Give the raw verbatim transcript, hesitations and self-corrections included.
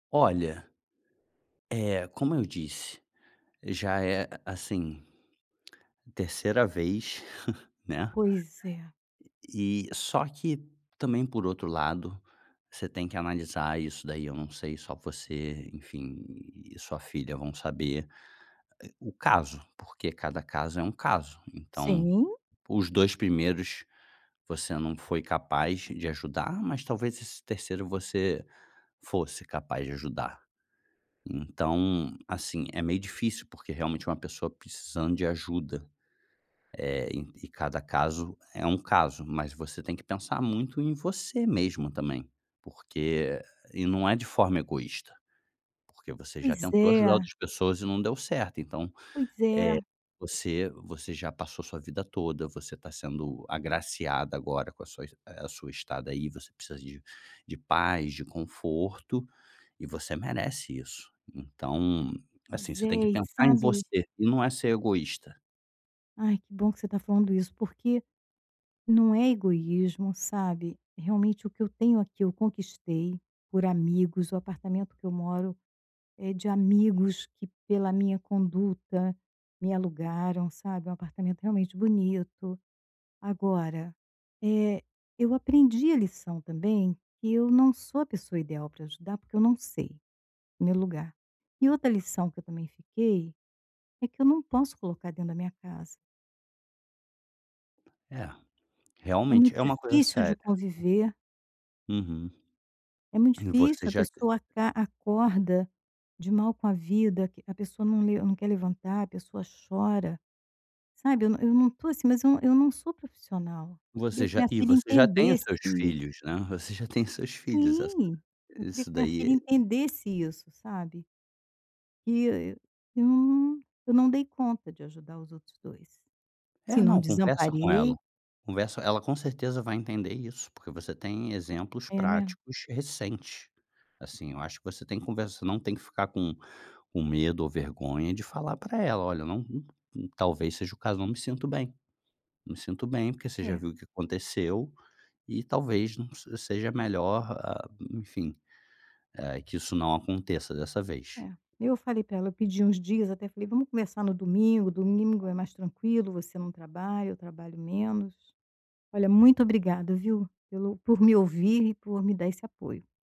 Olha, eh, como eu disse, já é a a, assim, terceira vez, né, Pois é. e só que também por outro lado, você tem que analisar isso daí, eu não sei, só você, enfim, e sua filha vão saber, eh, o caso por que cada caso é um caso, então, Sim. os dois primeiros você não foi capaz de ajudar. Mas talvez nesse terceiro você fosse capaz de ajudar, então, assim, é meio dificil, porque realmente é uma pessoa precisando de ajuda, eh, e cada caso, é um caso, mas você tem que pensar muito em você mesma tambem. Porque e não é de forma egoista, porque você já Pois tentou ajudar é. outra pessoas e não deu certo, então, Pois é. eh, você você já passou a sua vida toda e você ta sendo agraciada agora com sua eh, com a sua estada ai, você precisa de de paz, de conforto e você merece isso. Então, assim, Pois você tem que é e pensar em sabe você, e não é ser egoista. Ai, que bom que você está falando isso, porque não é egoísmo, sabe, realmente o que eu tenho aqui, eu conquistei por amigos, o apartamento que eu moro é de amigos, que pela minha conduta me alugaram, sabe, é um apartamento realmente bonito. Agora, eh, eu aprendi a lição também, que eu não sou a pessoa ideal para ajudar, porque eu não sei, no meu lugar. E outra lição que eu também fiquei, é que eu não posso colocar dentro da minha casa. É É realmente muito é uma coisa difícil de seria conviver. Uhum É muito e você difícil a já tem pessoa aca acorda de mal com a vida, que a pessoa não le não quer levantar, a pessoa chora, sabe, eu não eu não estou, assim, mas eu não eu não sou profissional, Você queria que já minha e filha você já tem os entendesse seus isso. filhos, né. Você já tem seus filhos, essa Sim, eu queria que isso minha daí filha é. entendesse isso, sabe que eu eu não dei conta de ajudar os outros dois, assim, É, eu não não, conversa com ela, desamparei conversa ela com certeza vai entender isso, porque você tem exemplos É, né? práticos recentes, assim, eu acho que você tem que conversar não tem que ficar com com medo ou vergonha, de falar para ela, olha eu não não talvez seja o caso não me sinto bem, não me sinto bem porque você já É. viu o que aconteceu, e talvez não se seja melhor, ah, enfim, hã, que isso não aconteça dessa vez. É, eu falei para ela, eu pedi uns dias, até falei vamos começar no domingo, domingo é mais tranquilo, você não trabalha, eu trabalho menos. Olha, muito obrigada viu, pelo por me ouvir e por me dar esse apoio.